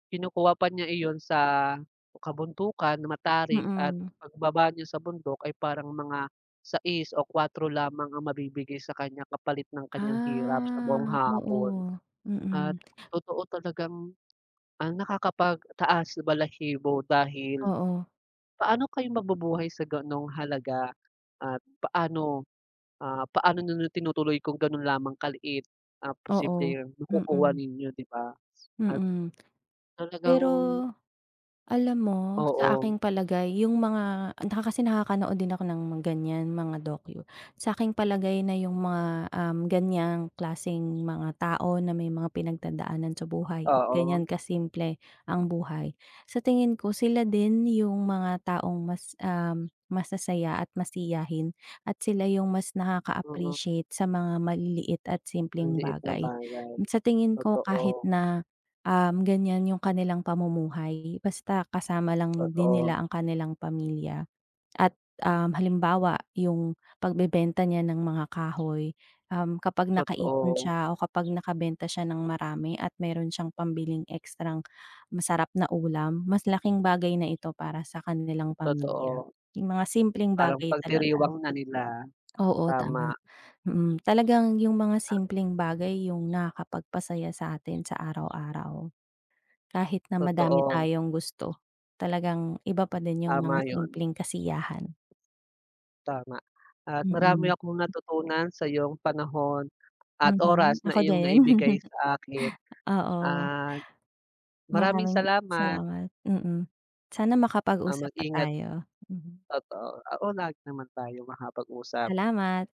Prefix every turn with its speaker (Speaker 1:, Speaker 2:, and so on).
Speaker 1: Kinukuha pa niya iyon sa kabundukan, matarik, at
Speaker 2: Mm.
Speaker 1: pagbaba niya sa bundok ay parang mga 6 o 4 lamang ang mabibigay sa kanya kapalit ng kanyang hirap sa buong
Speaker 2: Ah,
Speaker 1: hapon.
Speaker 2: oo,
Speaker 1: At
Speaker 2: mm.
Speaker 1: totoo talagang, ang nakakapag taas balahibo dahil
Speaker 2: Oo.
Speaker 1: paano kayo mabubuhay sa ganung halaga? At paano ah, paano niyo na tinutuloy kung ganun lamang kaliit ang
Speaker 2: Oo,
Speaker 1: posibleng makukuha
Speaker 2: mm.
Speaker 1: ninyo di ba? At
Speaker 2: Mm,
Speaker 1: talagang
Speaker 2: pero alam mo? Sa
Speaker 1: Oo.
Speaker 2: aking palagay yung mga ah, naka kasi nakakanood din ako ng ganyan mga dokyu. Sa aking palagay na yung mga, um, ganyang klaseng mga tao na may mga pinagdadaanan sa buhay,
Speaker 1: Oo.
Speaker 2: ganyan ka simple ang buhay. Sa tingin ko sila din yung mga taong mas um, masasaya, at masiyahin, at sila yung mas
Speaker 1: Mm.
Speaker 2: nakaka-appreciate sa mga maliliit at
Speaker 1: Ang
Speaker 2: simpleng
Speaker 1: liit na
Speaker 2: bagay.
Speaker 1: bagay,
Speaker 2: Sa tingin ko kahit
Speaker 1: totoo.
Speaker 2: na um, ganyan yung kanilang pamumuhay basta kasama lang din
Speaker 1: Totoo.
Speaker 2: nila ang kanilang pamilya. At um, halimbawa yung pagbebenta niya ng mga kahoy, um, kapag nakaipon
Speaker 1: Totoo.
Speaker 2: siya o kapag nakabenta siya ng marami at meron siyang pambiling ekstrang masarap na ulam mas laking bagay na ito para sa kanilang pamilya.
Speaker 1: Totoo.
Speaker 2: Yung mga simpleng
Speaker 1: Parang
Speaker 2: bagay talaga.
Speaker 1: pagdiriwang na nila,
Speaker 2: Oo tama,
Speaker 1: tama.
Speaker 2: mm, talagang yung mga
Speaker 1: Ah.
Speaker 2: simpleng bagay yung nakakapagpasaya sa atin sa araw-araw. Kahit na madami
Speaker 1: Totoo.
Speaker 2: tayong gusto. Talagang iba pa din yung mga
Speaker 1: Tama yun.
Speaker 2: simpleng kasiyahan.
Speaker 1: Tama at marami
Speaker 2: Mm.
Speaker 1: akong natutunan sayong panahon at
Speaker 2: Mm,
Speaker 1: oras na
Speaker 2: ako
Speaker 1: iyong
Speaker 2: din.
Speaker 1: naibigay sa akin
Speaker 2: Oo.
Speaker 1: at maraming
Speaker 2: Maraming
Speaker 1: salamat.
Speaker 2: salamat. Mm, sana
Speaker 1: Ah,
Speaker 2: makapag-usap pa
Speaker 1: mag-ingat.
Speaker 2: tayo, mhm.
Speaker 1: Totoo, oo, lagi naman tayo makapag-usap.
Speaker 2: Salamat!